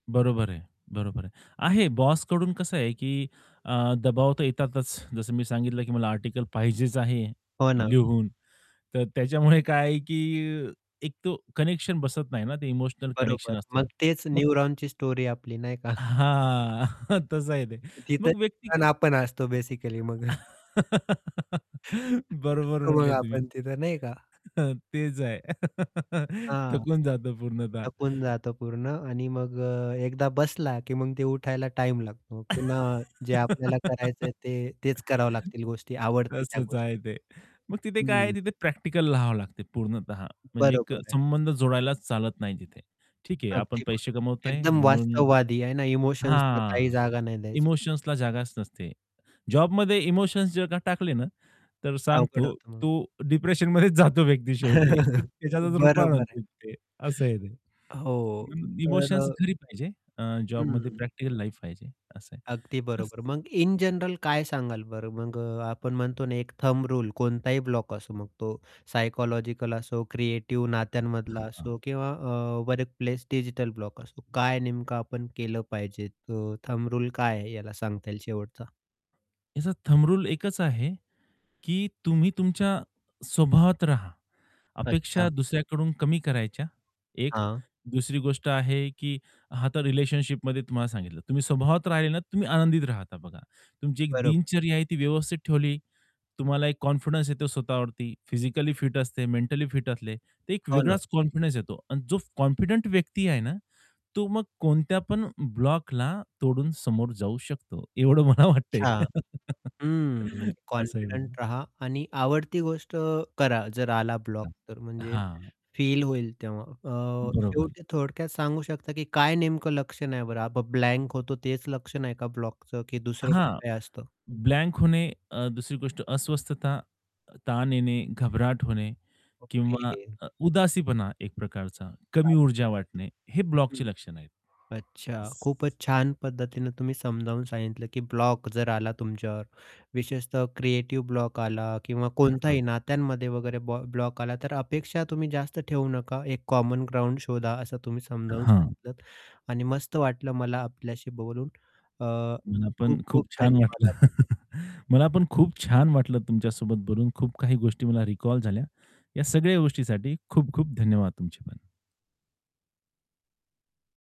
बरोबर आहे. बरोबर आहे. आहे. बॉस कडून कसं आहे, की अ, दबाव तर येतातच जसं मी सांगितलं, की मला आर्टिकल पाहिजेच आहे हो ना. लिहून तर त्याच्यामुळे काय आहे, की एक तो कनेक्शन बसत नाही ना ते इमोशनल कनेक्शन बरोबर. असतो. मग तेच मग न्यूरॉनची स्टोरी आपली नाही का? हां, तसं आहे ते. तिथे मग व्यक्ती क [unintelligible] आपण असतो बेसिकली मग बरोबर बसतो म्हटले बघा तुम्ही. आपण तिथं नाही का? तेच आहे. हां, थकून जातं पूर्णतः. थकून जातं पूर्ण आणि मग अ, एकदा बसला की मग ते उठायला टाईम लागतो पुन्हा. जे आपल्याला करायचंय ते तेच करावं लागतील गोष्टी, आवडते त्या तसंच आहे गोष्टी. ते. मग तिथे काय आहे हम्म तिथे प्रॅक्टिकल राहावं लागते पूर्णतः म्हणजे एक बरोबर आहे. संबंध जोडायलाच चालत नाही तिथे. ठीक आहे आपण अगदी पैसे बरोबर कमवतोय एकदम म्हणून वास्तववादी आहे ना इमोशन्सला काही हां, जागा नाही द्यायच. इमोशन्सला जागाच नसते. जॉबमध्ये इमोशन्स जर का टाकले ना तर अवघड सांगतो होतं मग. तो डिप्रेशनमध्येच जातो व्यक्ती शेवटी त्याच्यातच रूप बरोबर आहे. असं आहे ते. हो, [unintelligible] तर अ इमोशन्स घरी पाहिजे. जॉबमध्ये हं. प्रॅक्टिकल लाईफ पाहिजे असं आहे. अगदी तस बरोबर मग इन जनरल काय सांगाल बरं मग अ, आपण म्हणतो ना एक थंब रूल असो मग तो सायकॉलॉजिकल असो, क्रिएटिव, नात्यांमधला हां. असो किंवा अ, वर्क प्लेस डिजिटल ब्लॉक असो काय नेमकं आपण केलं पाहिजे तो थंब रूल काय आहे याला सांगता येईल शेवटचा. याचा थंब रूल एकच आहे, की तुम्ही तुमच्या स्वभावात राहा. अपेक्षा अच्छा. दुसऱ्याकडून कमी करायच्या, एक. हां. दुसरी गोष्ट आहे, की हा आता रिलेशनशिपमध्ये तुम्हाला सांगितलं, तुम्ही स्वभावात राहिले ना तर तुम्ही आनंदित राहता बघा. तुमची एक बरोबर. दिनचर्या आहे ती व्यवस्थित ठेवली. तुम्हाला एक कॉन्फिडन्स येतो स्वतःवरती. फिजिकली फिट असते, मेंटली फिट असले तर एक हो ना. वेगळाच कॉन्फिडन्स येतो आणि जो कॉन्फिडंट व्यक्ती आहे ना तो मग कोणत्यापण ब्लॉकला तोडून समोर जाऊ शकतो एवढं मला वाटतंय. अच्छा! हं, म्हणजे असंही म्हणलं. कॉन्फिडंट रहा आणि आवडती गोष्ट करा जर आला ब्लॉक तर म्हणजे हां. फील होईल तेव्हा अ, बरोबर. शेवटी थोडक्यात सांगू शकता, की काय नेमकं लक्षण आहे बरं ब्लँ ब्लँक होतो तेच लक्षण आहे का ब्लॉकचं, की दुसरं हां, काय असतं? ब्लँक होणे अ, दुसरी गोष्ट अस्वस्थता, ताण येणे, घबराट होणे किंवा ओके. अ, उदासीपणा, एक प्रकारचा कमी आलं लक्षात ऊर्जा वाटणे हे हं, ब्लॉकची लक्षण आहेत. अच्छा येस. खूपच छान पद्धतीने तुम्ही समजावून सांगितलं, की ब्लॉक जर आला तुमच्यावर विशेषतः क्रिएटिव्ह ब्लॉक आला किंवा कोणताही हां. नात्यांमध्ये वगैरे ब्लँ ब्लॉक आला तर अपेक्षा तुम्ही जास्त ठेवू नका एक कॉमन ग्राउंड शोधा असं तुम्ही समजावून हां. सांगितलंत आणि मस्त वाटलं मला आपल्याशी बोलून अ, मला पण खूप, खूप खूप छान धन्यवाद वाटलं आपले. मला पण खूप छान वाटलं तुमच्यासोबत बोलून. खूप काही गोष्टी मला रिकॉल झाल्या. या सगळ्या गोष्टीसाठी खूप-खूप धन्यवाद तुमचे पण.